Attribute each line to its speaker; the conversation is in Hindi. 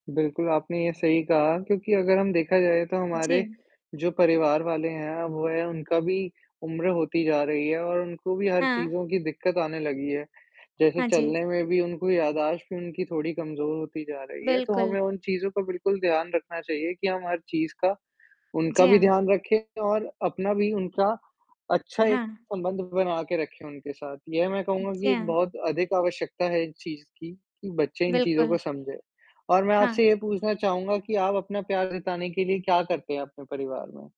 Speaker 1: बिल्कुल आपने ये सही कहा क्योंकि अगर हम देखा जाए तो हमारे,
Speaker 2: जी।
Speaker 1: जो परिवार वाले हैं वह उनका भी उम्र होती जा रही है और उनको भी हर
Speaker 2: हाँ।
Speaker 1: चीज़ों की दिक़्क़त आने लगी है। जैसे
Speaker 2: हाँ जी।
Speaker 1: चलने में भी उनको याददाश्त भी उनकी थोड़ी कमज़ोर होती जा रही है। तो
Speaker 2: बिल्कुल।
Speaker 1: हमें उन चीज़ों का बिल्कुल ध्यान रखना चाहिए कि हम हर चीज़ का उनका
Speaker 2: जी
Speaker 1: भी
Speaker 2: हाँ।
Speaker 1: ध्यान रखें और अपना भी उनका अच्छा एक
Speaker 2: हाँ।
Speaker 1: संबंध बना के रखें उनके साथ। यह मैं
Speaker 2: उ,
Speaker 1: कहूँगा
Speaker 2: जी
Speaker 1: कि एक
Speaker 2: हाँ।
Speaker 1: बहुत अधिक आवश्यकता है इस चीज़ की, कि बच्चे इन चीज़ों को
Speaker 2: बिल्कुल।
Speaker 1: समझें। और मैं
Speaker 2: हाँ।
Speaker 1: आपसे ये पूछना चाहूँगा कि आप अपना प्यार जताने के लिए क्या करते हैं अपने परिवार में?